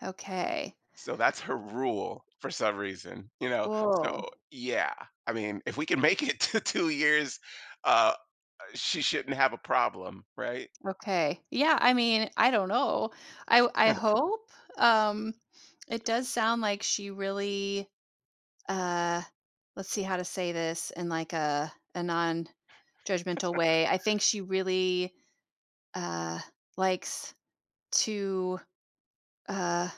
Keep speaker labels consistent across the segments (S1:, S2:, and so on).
S1: Okay.
S2: So, that's her rule, for some reason, you know,
S1: Ooh.
S2: so Yeah. I mean, if we can make it to 2 years, uh uh, she shouldn't have a problem, right?
S1: Okay. Yeah, I mean, I don't know. I w I hope? Um, it does sound like she really uh, let's see how to say this in, like, a a nonjudgmental way. I think she really, uh, likes to, uh,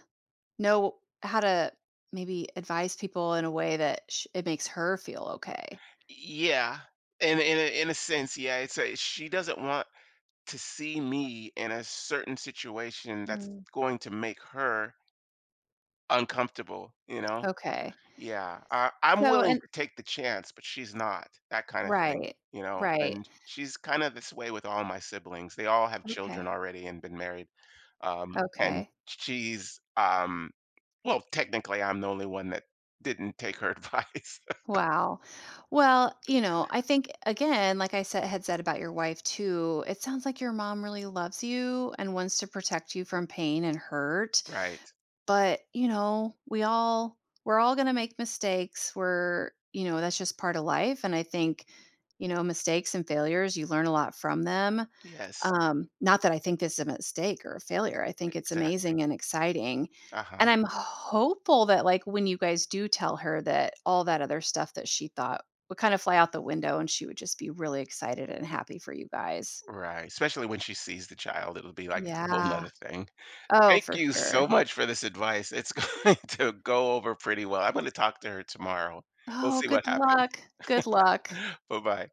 S1: know how to, maybe, advise people in a way that sh it makes her feel okay.
S2: E e Yeah. In a in a in a sense, yeah, it's, uh she doesn't want to see me in a certain situation that's
S1: Hmm.
S2: going to make her uncomfortable, you know?
S1: Okay.
S2: Yeah. I
S1: S
S2: I'm
S1: so,
S2: willing
S1: and
S2: to take the chance, but she's not. That kind of thing,
S1: Right.
S2: you know?
S1: Right.
S2: And she's kinda this way with all my siblings, they all have
S1: Okay.
S2: children already and been married, um, and
S1: Okay.
S2: sh she's, um well, technically I'm the only one that didn't take her advice.
S1: Wow. Well, you know, I think, again, like I said had said about your wife too, it sounds like your mom really loves you, and wants to protect you from pain and hurt.
S2: Right.
S1: But, you know, we all we're all gonna make mistakes where, you know, that's just part of life, and I think, you know, mistakes and failures, you learn a lot from them.
S2: Yes.
S1: Um, not that I think this a mistake or a failure, I think it's
S2: Exactly.
S1: amazing and exciting. And
S2: Uh-huh.
S1: I'm hopeful that, like, when you guys do tell her that all that other stuff that she thought, would kind of fly out the window and she would just be really excited and happy for you guys.
S2: Right. Especially when she sees the child, it'll be, like, whole
S1: Yeah.
S2: 'nother thing.
S1: Oh,
S2: Thank
S1: for
S2: you so
S1: sure.
S2: much for this advice, it's going to go over pretty well, I'm gonna talk to her tomorrow. We'll
S1: Oh,
S2: see what
S1: good
S2: happens.
S1: luck! Good luck.
S2: Buh-bye.